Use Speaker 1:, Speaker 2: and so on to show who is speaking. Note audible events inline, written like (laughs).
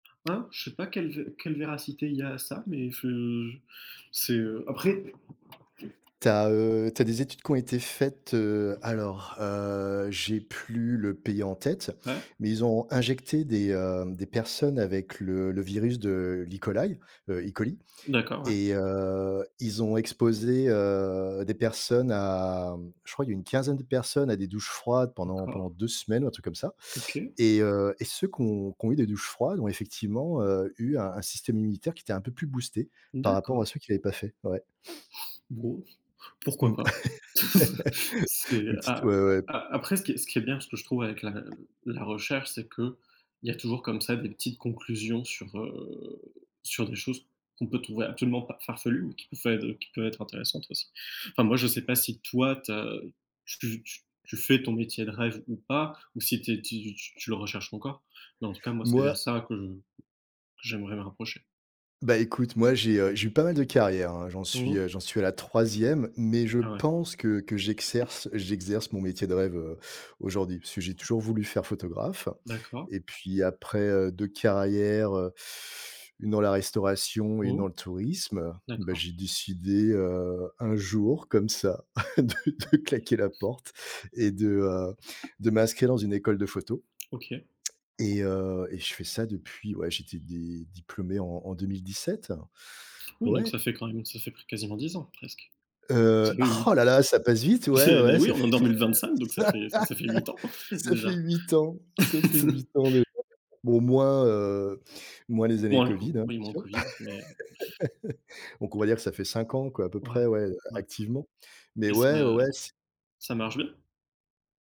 Speaker 1: Hein? Je sais pas quelle vé quelle véracité il y a à ça, mais ce c'est, heu après
Speaker 2: Tu as, heu, tu as des études qui ont été faites, heu, alors, heu, j'ai plus le pays en tête,
Speaker 1: Ouais.
Speaker 2: mais ils ont injecté des, heu, des personnes avec le le virus de l'E. coli, heu, E. coli
Speaker 1: D'accord, ouais.
Speaker 2: et heu, ils ont exposé, heu, des personnes à mmh je crois il y a une quinzaine de personnes à des douches froides pendant pendant
Speaker 1: D'accord.
Speaker 2: 2 semaines ou un truc comme ça
Speaker 1: OK.
Speaker 2: et heu et ceux qui ont qui ont eu des douches froides ont effectivement, heu, eu un un système immunitaire qui était un peu plus boosté par rapport
Speaker 1: D'accord.
Speaker 2: à ceux qui l'avaient pas fait, ouais. (sniffs)
Speaker 1: Bon, pourquoi
Speaker 2: Mmh.
Speaker 1: pas? (chuckles) C'est
Speaker 2: (laughs) Petite
Speaker 1: a
Speaker 2: ouais ouais.
Speaker 1: a après ce qui ce qui est bien ce que je trouve avec la la recherche, c'est qu'il y a toujours comme ça des petites conclusions sur, heu, sur des choses qu'on peut trouver actuellement pa farfelues, mais qui peut faire heu, qui peuvent être intéressantes aussi. Enfin moi, je sais pas si toi tu as ce que tu tu fais ton métier de rêve ou pas, ou si tu es tu tu tu le recherches encore. Mais en tout cas moi c'est
Speaker 2: Moi
Speaker 1: vers ça que que j'aimerais me rapprocher.
Speaker 2: bah écoute, moi j'ai, heu, j'ai pas mal de carrière hein. J'en
Speaker 1: Mmh
Speaker 2: suis,
Speaker 1: mh.
Speaker 2: heu, j'en suis à la 3e mais je
Speaker 1: Ah ouais.
Speaker 2: pense que que j'exerce- j'exerce mon métier de rêve, heu, aujourd'hui. Puisque j'ai toujours voulu faire photographe
Speaker 1: D'accord.
Speaker 2: et puis après, heu, 2 carrières, heu, une dans la restauration et une dans
Speaker 1: Oh.
Speaker 2: le tourisme, bah
Speaker 1: D'accord.
Speaker 2: j'ai décidé, heu, un jour comme ça (chuckles) de de claquer la porte et de, heu, de m'inscrire dans une école de photo.
Speaker 1: OK.
Speaker 2: Et heu et je fais ça depuis ouais, j'étais dé diplômé en en 2017.
Speaker 1: Oui donc
Speaker 2: Ouais.
Speaker 1: ça fait quand même ça fait plu quasiment 10 ans presque.
Speaker 2: Heu
Speaker 1: Ça fait hui
Speaker 2: oh là là! Ça passe vite ouais,
Speaker 1: (chuckles) bah
Speaker 2: ouais,
Speaker 1: oui
Speaker 2: ça fait
Speaker 1: on est en 2025 donc ça fait ça ça fait 8 ans
Speaker 2: (laughs) ça fait ça fait
Speaker 1: déjà.
Speaker 2: 8 ans, ça fait 8
Speaker 1: (laughs)
Speaker 2: ans dejà. Bon, moins, heu, moins les années
Speaker 1: Moins le
Speaker 2: covid
Speaker 1: co
Speaker 2: hein, bien
Speaker 1: oui, moins
Speaker 2: sûr.
Speaker 1: covid mais heu
Speaker 2: (laughs) Donc on va dire que ça fait 5 ans quoi à peu
Speaker 1: Ouais,
Speaker 2: près ouais, a
Speaker 1: ouais.
Speaker 2: activement, mais
Speaker 1: Et ça
Speaker 2: ouais, ouais, ouais, s
Speaker 1: ça marche bien?